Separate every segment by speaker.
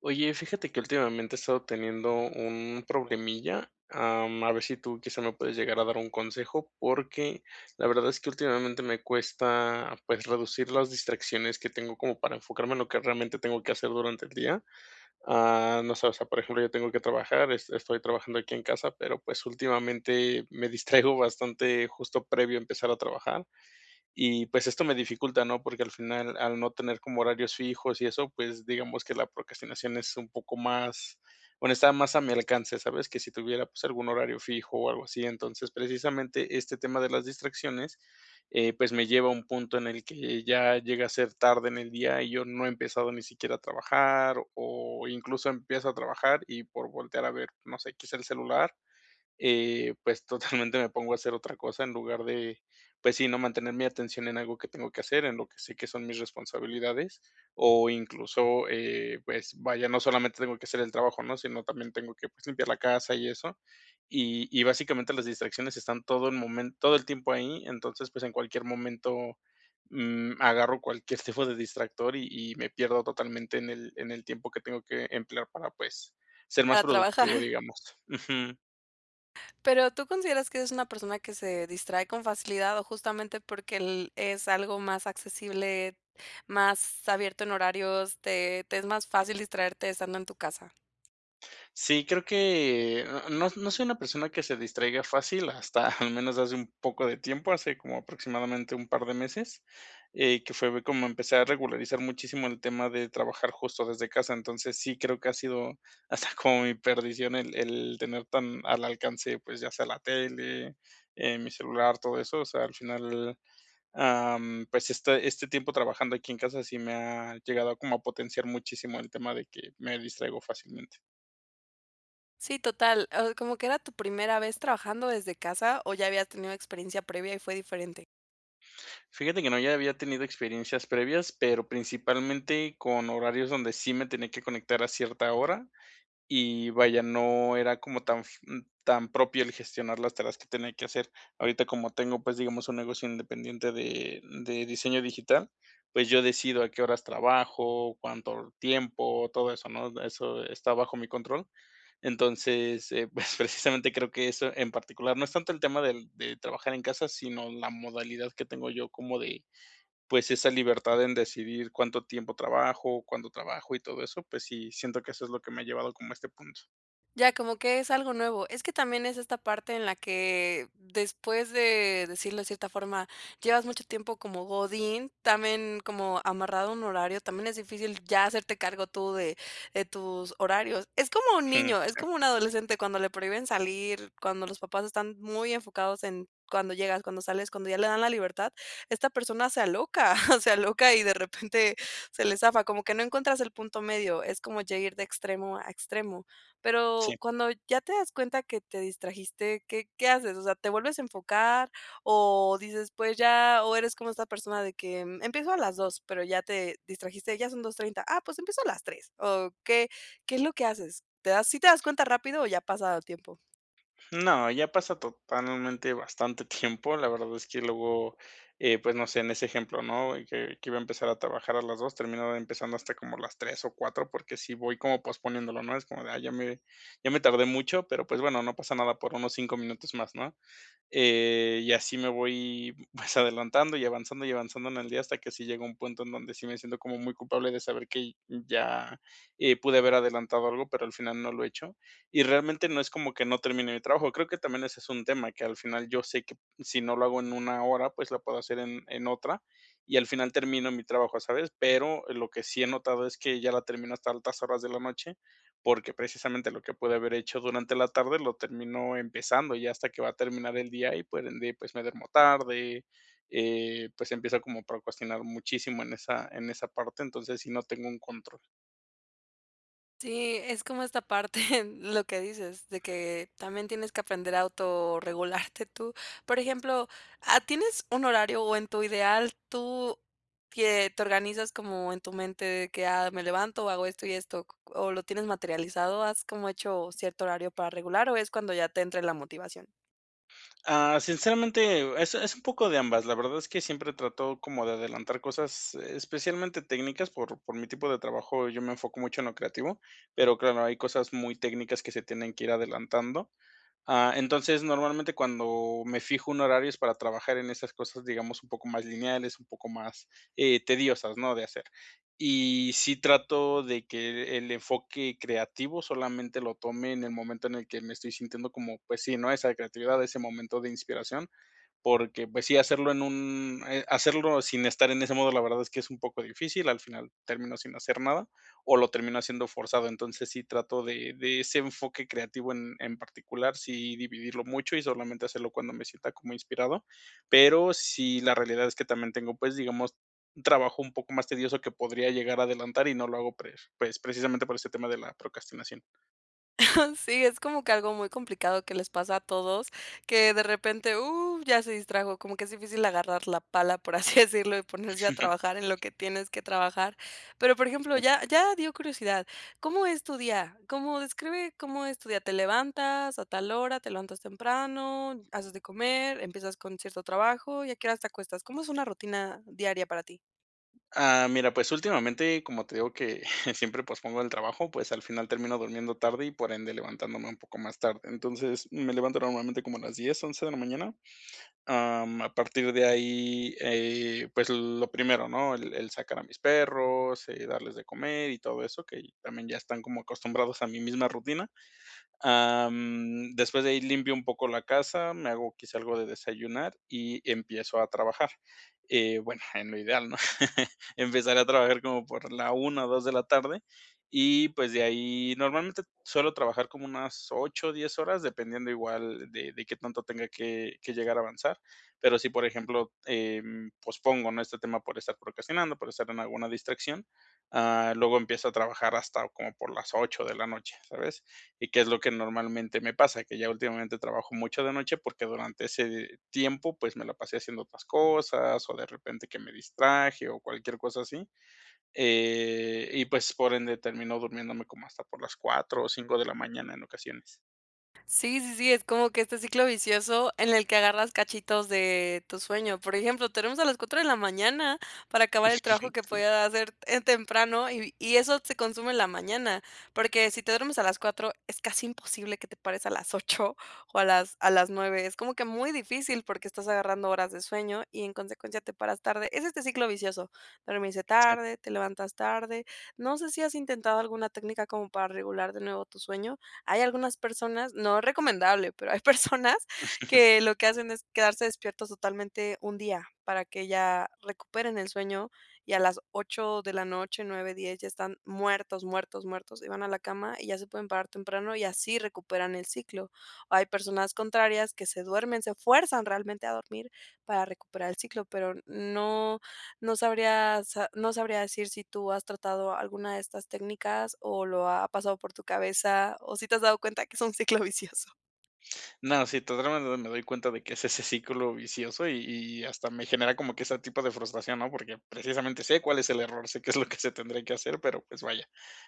Speaker 1: Oye, fíjate que últimamente, he estado teniendo un problemilla, am, a ver si tú quizá me puedes llegar a dar un consejo, porque la verdad es que últimamente me cuesta, pues, reducir las distracciones que tengo como para enfocarme en lo que realmente tengo que hacer durante el día. Ah, no sé, o sea, por ejemplo, yo tengo que trabajar, es estoy trabajando aquí en casa, pero pues, últimamente me distraigo bastante justo previo a empezar a trabajar. Y pues, esto me dificulta, ¿no? Porque, al final, al no tener como horarios fijos y eso, pues, digamos que la procrastinación es un poco más bueno, está más a mi alcance, ¿sabes? Que si tuviera, pues, algún horario fijo o algo así, entonces precisamente este tema de las distracciones, eh, pues, me lleva a un punto en el que ya llega a ser tarde en el día y yo no he empezado, ni siquiera a trabajar, o incluso empiezo a trabajar y por voltear a ver, no sé, quizá el celular, eh, pues, totalmente me pongo a hacer otra cosa en lugar de, pues sí, ¿no? Mantener mi atención en algo que tengo que hacer, en lo que sé que son mis responsabilidades, o incluso, eh, pues, vaya, no solamente tengo que hacer el trabajo, ¿no? Sino también tengo que limpiar la casa y eso, y y básicamente las distracciones están todo el momen todo el tiempo ahí. Entonces, pues, en cualquier momento, mm, agarro cualquier tipo de distractor y y me pierdo totalmente en el en el tiempo que tengo que emplear para, pues, ser más
Speaker 2: Para trabajar.
Speaker 1: productivo, digamos, ujú.
Speaker 2: Pero, ¿tú consideras que eres una persona que se distrae con facilidad, o justamente, porque el es algo más accesible, más abierto en horarios, te te es más fácil distraerte estando en tu casa?
Speaker 1: Sí, creo que, eh, no no soy una persona que se distraiga fácil, hasta al menos hace un poco de tiempo, hace como aproximadamente un par de meses, eh, que fue como empecé a regularizar muchísimo el tema de trabajar justo desde casa. Entonces sí, creo que ha sido, hasta como mi perdición el el tener tan al alcance, pues, ya sea la tele, eh, mi celular, todo eso, o sea, al final, am, pues, este este tiempo trabajando aquí en casa sí me ha llegado como a potenciar muchísimo el tema de que me distraigo fácilmente.
Speaker 2: Sí, total. Ah, como que, ¿era tu primera vez trabajando desde casa? ¿O ya habías tenido experiencia previa y fue diferente?
Speaker 1: Fíjate que no, ya había tenido experiencias previas, pero, principalmente con horarios donde sí me tenía que conectar a cierta hora, y vaya, no era como tan f tan propio el gestionar las tareas que tenía que hacer. Ahorita, como tengo, pues, digamos, un negocio independiente de de diseño digital, pues, yo decido a qué horas trabajo, cuánto tiempo, todo eso, ¿no? Eso está bajo mi control, entonces, eh, pues precisamente creo que eso en particular, no es tanto el tema del de trabajar en casa, sino la modalidad que tengo yo como de pues, esa libertad en decidir, cuánto tiempo trabajo, cuándo trabajo y todo eso, pues sí, siento que eso es lo que me ha llevado como a este punto.
Speaker 2: Ya, como que es algo nuevo, es que también es esta parte en la que después de decirlo de cierta forma, llevas mucho tiempo como godín también, como amarrado a un horario, también es difícil ya hacerte cargo tú de de tus horarios. Es como un
Speaker 1: Jum,
Speaker 2: niño, es
Speaker 1: sí.
Speaker 2: como un adolescente cuando le prohíben salir, cuando los papás están muy enfocados en: "¿Cuándo llegas, cuándo sales?". Cuando ya le dan la libertad, esta persona se aloca se aloca y de repente se le zafa, como que no encuentras el punto medio, es como ya ir de extremo a extremo, pero,
Speaker 1: Sí.
Speaker 2: cuando ya te das cuenta que te distrajiste, ¿qué qué haces? O sea, ¿te vuelves a enfocar? o dices pues, ya, o eres como esta persona de que empiezo a las 2, pero, ya te distrajiste, ya son 2:30, Ah, pues, empiezo a las 3, ¿o qué? ¿Qué es lo que haces? Te das, ¿sí te das cuenta rápido o ya pasa tiempo?
Speaker 1: No, ya pasa totalmente bastante tiempo. La verdad es que luego, eh, pues, no sé, en ese ejemplo, ¿no? Que que iba a empezar a trabajar a las 2, termino empezando hasta como a las 3 o 4, porque, sí voy como posponiéndolo, ¿no? Es como de, ay, ya me ya me tardé mucho, pero pues, bueno, no pasa nada por unos 5, minutos más, ¿no? Eh, y así me voy, pues, adelantando y avanzando, y avanzando en el día hasta que si llega un punto en donde sí me siento como muy culpable de saber que ya, eh, pude haber adelantado algo, pero, al final no lo he hecho. Y realmente no, es como que no termine mi trabajo, creo que también ese es un tema que al final yo sé que si no lo hago en 1, hora, pues, lo puedo hacer en en otra y al final termino mi trabajo, ¿sabes? Pero, lo que sí he notado es que ya la termino hasta altas horas de la noche, porque, precisamente, lo que puede haber hecho durante la tarde lo termino empezando ya hasta que va a terminar el día y pues, de ahí pues, me duermo tarde, eh, pues, empiezo como a procrastinar muchísimo en esa en esa parte, entonces, sí no tengo un control.
Speaker 2: Sí, es como esta parte, lo que dices de que, también tienes que aprender a autorregularte tú. Por ejemplo, ah, ¿tienes un horario? O en tu ideal, tú quie te organizas como en tu mente de que: "Ah me levanto o hago esto y esto". Q q ¿o lo tienes materializado? ¿Has como hecho cierto horario para regular o es cuando ya te entre la motivación?
Speaker 1: Ah, sinceramente, eh, es es un poco de ambas. La verdad es que siempre trato como de adelantar cosas, especialmente técnicas, por por mi tipo de trabajo, eh, yo me enfoco mucho en lo creativo, pero claro, hay cosas muy técnicas que se tienen que ir adelantando. Ah, entonces normalmente cuando me fijo un horario es para trabajar en esas cosas, digamos un poco más lineales, un poco más, eh, tediosas, ¿no? De hacer, y sí trato de que el enfoque creativo solamente lo tome en el momento en el que me estoy sintiendo como pues sí, ¿no? Esa creatividad, ese momento de inspiración. Porque pues sí hacerlo en un eh, hacerlo sin estar en ese modo, la verdad es que es un poco difícil, al final termino sin hacer nada, o lo termino haciendo forzado, entonces sí, trato de de ese enfoque creativo en en particular, sí dividirlo mucho y solamente hacerlo cuando me sienta como inspirado. Pero sí la realidad es que también tengo, pues, digamos, un trabajo un poco más tedioso que podría llegar a adelantar y no lo hago pre pues precisamente por este tema de la procrastinación.
Speaker 2: Sí, es como que algo muy complicado que les pasa a todos que de repente, uh, ya se distrajo como que es difícil agarrar la pala, por así decirlo, y ponerse a trabajar en lo que tienes que trabajar. Pero, por ejemplo,
Speaker 1: Sí.
Speaker 2: ya ya dio curiosidad, ¿cómo es tu día? ¿Cómo? Describe cómo es tu día. ¿Te levantas a tal hora? ¿Te levantas temprano, haces de comer, empiezas con cierto trabajo? ¿Y a qué hora te acuestas? ¿Cómo es una rutina diaria para ti?
Speaker 1: Ah, mira, pues, últimamente, como te digo que siempre pospongo el trabajo, pues, al final termino durmiendo tarde y por ende, levantándome un poco más tarde. Entonces, me levanto normalmente como a las 10, 11, de la mañana, ah, mm, a partir de ahí, eh, pues, lo primero, ¿no? El el sacar a mis perros, eh, darles de comer y todo eso que, también ya están como acostumbrados a mi misma rutina, ah, mm, después de ahí limpio un poco la casa, me hago quizá algo de desayunar y empiezo a trabajar, eh, bueno, en lo ideal, ¿no? Empezaré a trabajar como por la 1 o 2, de la tarde y pues, de ahí normalmente suelo trabajar como unas 8 o 10, horas, dependiendo igual de de qué tanto tenga que que llegar a avanzar. Pero, si por ejemplo, em, pospongo, ¿no?, este, tema por estar procrastinando, por estar en alguna distracción, ah, luego empiezo a trabajar hasta como por las 8, de la noche, ¿sabes, y qué es lo que normalmente me pasa? Que ya últimamente trabajo mucho de noche porque, durante ese, eh, tiempo, pues, me la pasé haciendo otras cosas o de repente que me distraje o cualquier cosa así, eh, y pues, por ende termino durmiéndome como hasta por las 4 o 5, de la mañana en ocasiones.
Speaker 2: Sí, sí, sí, es como que este ciclo vicioso en el que agarras cachitos de, tu sueño, por ejemplo, te duermes a las 4 de la mañana para acabar el trabajo que
Speaker 1: [unintelligible]
Speaker 2: podías hacer en temprano y y eso se consume en la mañana. Porque si te duermes a las 4 es casi imposible que te pares a las 8 o a las a las 9. Es como que muy difícil porque estás agarrando horas de sueño y en consecuencia te paras tarde, es este ciclo vicioso. Dormirse
Speaker 1: Sí.
Speaker 2: tarde, te levantas tarde. No sé si has intentado alguna técnica como para regular de nuevo tu sueño. Hay algunas personas, no es recomendable, pero hay personas que lo que hacen es quedarse despiertos totalmente un día para que ya, recuperen el sueño y a las 8 de la noche 9, 10 ya están muertos, muertos, muertos y van a la cama y ya se pueden parar temprano y así recuperan el ciclo. Hay personas contrarias que se duermen, se fuerzan realmente a dormir para recuperar el ciclo. Pero n no, no sabría, o sea, no sabría decir si tú has tratado alguna de estas técnicas o lo ha pasado por tu cabeza o si te has dado cuenta que es un ciclo vicioso.
Speaker 1: No, sí, to drama me doy cuenta de que es ese círculo vicioso y y hasta me genera como que esa tipo de frustración, ¿no? Porque, precisamente sé cuál es el error, sé que es lo que se tendría que hacer, pero pues vaya,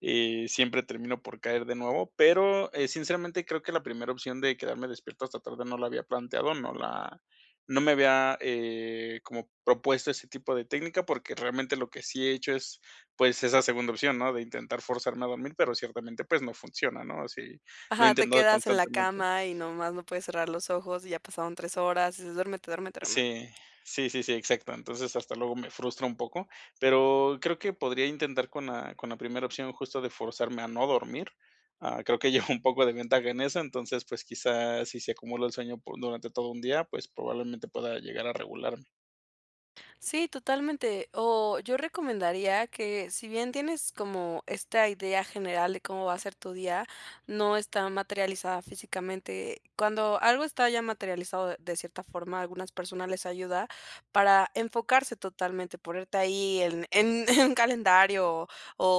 Speaker 1: eh, siempre termino por caer de nuevo, pero, eh, sinceramente, creo que la primera opción de quedarme despierto hasta tarde no la había planteado, no la no me había, eh, como propuesto ese tipo de técnica, porque realmente lo que sí he hecho es, pues esa segunda opción, ¿no? De intentar forzarme a dormir, pero ciertamente pues no funciona, ¿no? Sí, lo he
Speaker 2: Ajá, te
Speaker 1: intentado
Speaker 2: quedas en la
Speaker 1: constantemente.
Speaker 2: cama y nomás no puedes cerrar los ojos y ya pasaron 3 horas y dices: "Duérmete, duérmete". Pero nada.
Speaker 1: Sí, sí, sí, sí, exacto. Entonces hasta luego me frustra un poco, pero creo que podría intentar con la con la primera opción justo de forzarme a no dormir. Ah, creo que llevo un poco de ventaja en eso, entonces, pues quizás si se acumula el sueño po durante todo un día, pues probablemente pueda llegar a regularme.
Speaker 2: Sí, totalmente. Oh, yo recomendaría que, si bien tienes como esta idea general de cómo va a ser tu día, no está materializada físicamente. Cuando algo está ya materializado de de cierta forma, algunas personas les ayuda para enfocarse totalmente, ponerte ahí en en en calendario o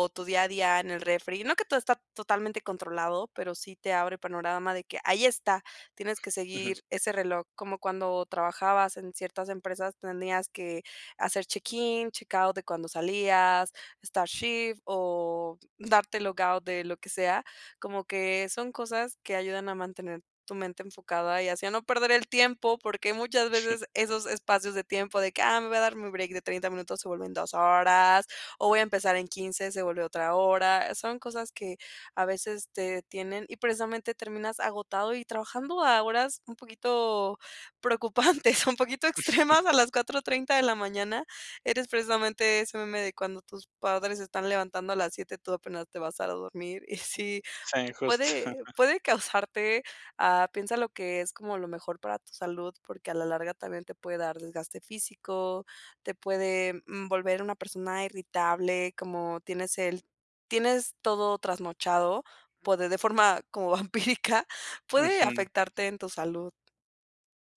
Speaker 2: o tu día a día en el refri. No que todo está totalmente controlado, pero sí te abre panorama de que ahí está, tienes que
Speaker 1: Ujú.
Speaker 2: seguir ese reloj como cuando trabajabas en ciertas empresas tenías que hacer check-in, check-out de cuando salías, start shift o darte logout de lo que sea, como que son cosas que ayudan a mantener tu mente enfocada y así a no perder el tiempo, porque muchas veces esos espacios de tiempo de que ah, me voy a dar mi break de 30 minutos se vuelven 2 horas o voy a empezar en 15, se vuelve otra hora, son cosas que, a veces, te detienen y, precisamente, terminas agotado y trabajando a horas un poquito preocupantes un poquito extremas a las 4:30 de la mañana. Eres precisamente ese meme de cuando tus padres se están levantando a las 7:00, tú apenas te vas a dormir. Y sí
Speaker 1: Sí, justo.
Speaker 2: puede puede causarte ah, piensa lo que es como lo mejor para tu salud, porque a la larga, también te puede dar desgaste físico, te puede, mm, volver una persona irritable, como tienes el tienes todo trasnochado por de forma como vampírica puede
Speaker 1: Ujú.
Speaker 2: afectarte en tu salud.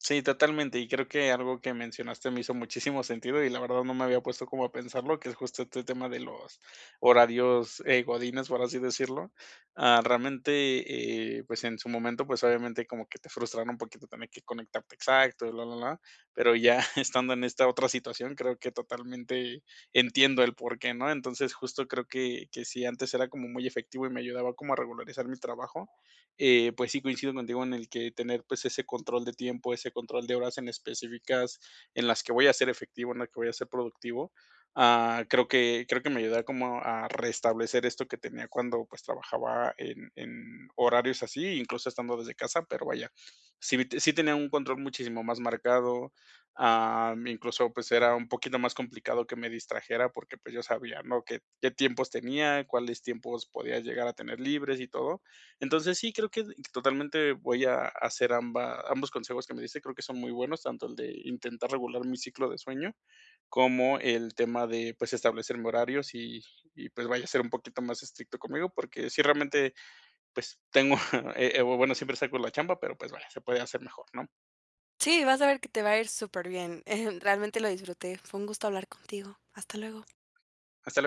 Speaker 1: Sí, totalmente, y creo que algo que mencionaste me hizo muchísimo sentido y la verdad, no me había puesto como a pensarlo, que es justo este tema de los horarios, eh, Godínez, por así decirlo. Ah, realmente, eh, pues, en su momento, pues, obviamente como que te frustran un poquito tener que conectarte exacto y bla, bla, bla, pero, ya estando en esta otra situación, creo que totalmente entiendo el por qué, ¿no? Entonces, justo creo que que si antes era como muy efectivo y me ayudaba como a regularizar mi trabajo, eh, pues sí, coincido contigo en el que tener pues ese control de tiempo, ese control de horas en específicas en las que voy a ser efectivo, en las que voy a ser productivo, ah, creo que creo que me ayuda como a restablecer esto que tenía cuando pues trabajaba en en horarios así, incluso estando desde casa, pero vaya, sí sí tenía un control muchísimo más marcado, am, incluso, pues, era un poquito más complicado que me distrajera porque, pues yo sabía, ¿no? Qué qué tiempos tenía, cuáles tiempos podía llegar a tener libres y todo. Entonces sí, creo que totalmente voy a hacer ambas ambos consejos que me diste, creo que son muy buenos, tanto el de intentar regular mi ciclo de sueño, como el tema de, pues, establecerme horarios, y y pues, vaya a ser un poquito más estricto conmigo porque sí, realmente, pues tengo, eh eh, bueno, siempre saco la chamba, pero, pues vale, se puede hacer mejor, ¿no?
Speaker 2: Sí, vas a ver que te va a ir súper bien, em, realmente lo disfruté, fue un gusto hablar contigo. Hasta luego.
Speaker 1: Hasta luego.